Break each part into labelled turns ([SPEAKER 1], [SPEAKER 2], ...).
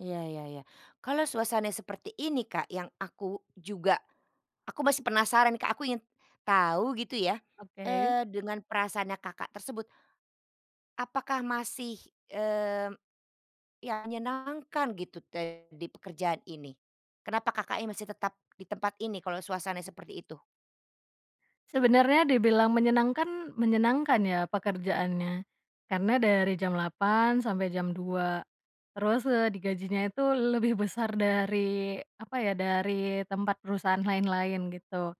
[SPEAKER 1] Iya iya iya. Kalau suasananya seperti ini Kak, yang aku juga aku masih penasaran nih Kak, aku ingin tahu gitu ya,
[SPEAKER 2] Oke.
[SPEAKER 1] eee, dengan perasaannya Kakak tersebut. Apakah masih, mmm, ya menyenangkan gitu te di pekerjaan ini? Kenapa Kakaknya masih tetap di tempat ini kalau suasananya seperti itu?
[SPEAKER 2] Sebenarnya dibilang menyenangkan, menyenangkan ya, pekerjaannya. Karena dari jam 8,00 sampai jam 2,00, terus, eee, digajinya itu lebih besar dari apa ya, dari tempat perusahaan lain-lain gitu,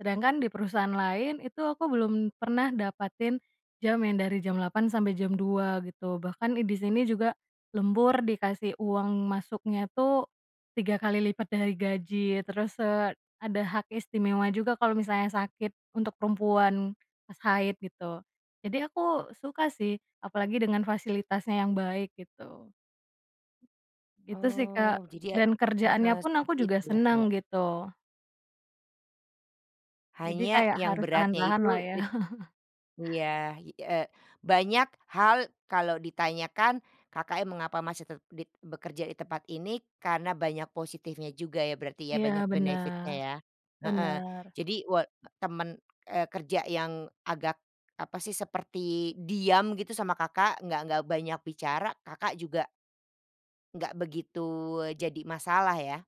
[SPEAKER 2] sedangkan di perusahaan lain itu aku belum pernah dapetin jam yang dari jam 8.00 sampai jam 2.00 gitu, bahkan i di sini juga lembur, dikasih uang masuknya tuh 3 kali lipat dari gaji, terus, eee, ada hak istimewa juga kalau misalnya sakit untuk perempuan pas haid gitu, jadi aku suka sih, apalagi dengan fasilitasnya yang baik gitu. Itu sih,
[SPEAKER 1] Oh,
[SPEAKER 2] Kak,
[SPEAKER 1] jadi ya
[SPEAKER 2] dan
[SPEAKER 1] heeh,
[SPEAKER 2] kerjaannya pun aku
[SPEAKER 1] seperti
[SPEAKER 2] juga
[SPEAKER 1] itu, ya, Kak?
[SPEAKER 2] senang gitu. Jadi
[SPEAKER 1] Hanya
[SPEAKER 2] kayak
[SPEAKER 1] yang
[SPEAKER 2] harus
[SPEAKER 1] beratnya
[SPEAKER 2] tahan-tahan
[SPEAKER 1] itu,
[SPEAKER 2] lah ya.
[SPEAKER 1] it iya, i eee, banyak hal kalau ditanyakan Kakaknya mengapa masih tet dit bekerja di tempat ini, karena banyak positifnya juga ya, berarti ya,
[SPEAKER 2] Iya,
[SPEAKER 1] banyak benefit-nya
[SPEAKER 2] bener,
[SPEAKER 1] ya, heeh.
[SPEAKER 2] bener.
[SPEAKER 1] Jadi wa temen, eee, kerja yang agak apa sih, seperti diam gitu sama Kakak, nggak nggak banyak bicara, Kakak juga nggak begitu, eee, jadi masalah ya?